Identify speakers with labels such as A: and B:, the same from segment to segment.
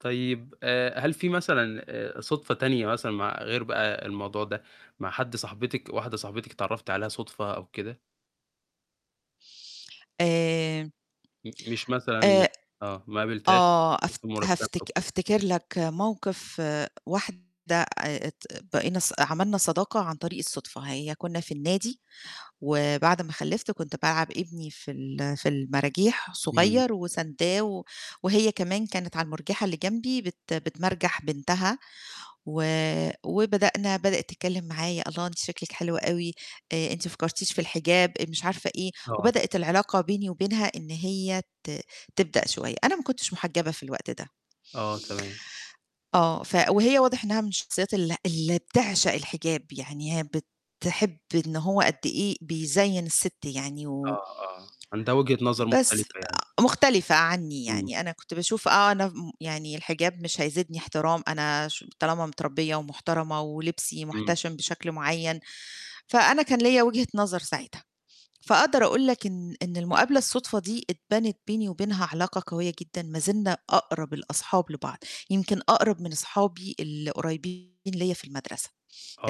A: طيب، آآ، هل في مثلًا آآ صُدفة تانية مثلًا مع غير بقى الموضوع ده مع حد صاحبتِك واحدة صاحبتِك اتعرّفتِ عليها صُدفة أو كده؟
B: آآ،
A: م مش مثلًا
B: آآ
A: آه، ما قابلتيهاش
B: آه، أف
A: [unintelligible]
B: هافتك
A: أو كده.
B: أفتكر لك موقِف واحدة آآ، ت بقينا ص عملنا صداقة عن طريق الصُدفة هي كنّا في النادي، وبعد ما خلفت كنت بالعّب ابني في ال في المراجيح
A: إمم.
B: صغير وسانداه، و وهي كمان كانت على المرجيحة اللي جنبي بت بتمرجح بنتها، و وبدأنا بدئِت تتكلم معايا، الله أنتِ شكلِك حلو أوي، آآ، أنتِ ما فكّرتيش في الحجاب؟ مش عارفة إيه،
A: آه.
B: وبدئِت العلاقة بيني وبينها إن هي ت تبدأ شوية، أنا ما كنتش محجبة في الوقت ده.
A: آه تمام.
B: آه، ف وهي واضح إنها من الشخصيات ال اللي بتعشق الحجاب، يعني هي بتحب إن هو قد إيه بيزيّن السِت يعني و
A: آه، آه، عندها وجهة نظر
B: بس
A: مختلفة يعني.
B: آآ، مختلفة عنّي
A: إمم.
B: يعني أنا كنت باشوف آه، أنا ف م يعني الحجاب مش هيزيدني احترام أنا ش طالما متربية ومحترمة ولبسي
A: إمم.
B: محتشم بشكل معيّن، فأنا كان ليّا وجهة نظر ساعتها، فأقدر أقول لك إن إن المقابلة الُصدفة دي اتبنت بيني وبينها علاقة قوية جدًا ما زلنا أقرب الأصحاب لبعض، يمكن أقرب من أصحابي اللي قريّبين ليّا في المدرسة،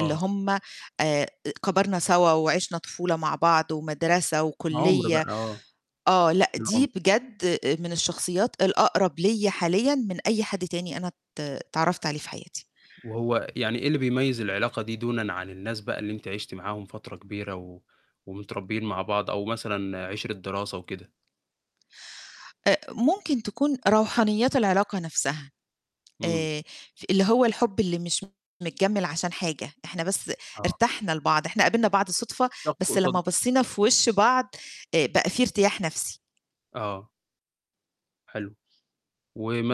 B: اللي هُم آآ كبرنا سوا وعِشنا طفولة مع بعض ومدرسة
A: عُمْر بقى
B: وكُليّة
A: آه،
B: آه، لأ دي
A: العُمْر.
B: بجد من الشخصيات الأقرب ليّا حاليّا من أي حد تاني أنا ات اتعرّفت عليه في حياتي.
A: وهو يعني إيه اللي بيميّز العلاقة دي دونًا عن الناس بقى اللي أنتِ عِشتِ معاهم فترة كبيرة، و ومتربين مع بعض أو مثلًا عِشرة دراسة وكده؟
B: أ ممكن تكون روحانيات العلاقة نَفْسها،
A: إمم.
B: آآ، اللي هو الحُب اللي مش متجمل عشان حاجة، إحنا بس
A: آه.
B: ارتحنا لبعض، إحنا قابلنا بعض صُدفة،
A: شخص
B: بس
A: قصا
B: لمّا بَصّينا في وش بعض آآ، بقى في ارتياح نَفْسي.
A: آه. حلو،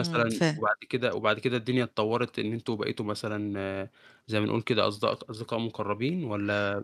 B: إمم، ف
A: وبعد كده وبعد كده الدنيا اتطوّرت إن أنتم بقيتوا مثلًا زي ما نقُول كده أصد أصدقاء مقرّبين والّا؟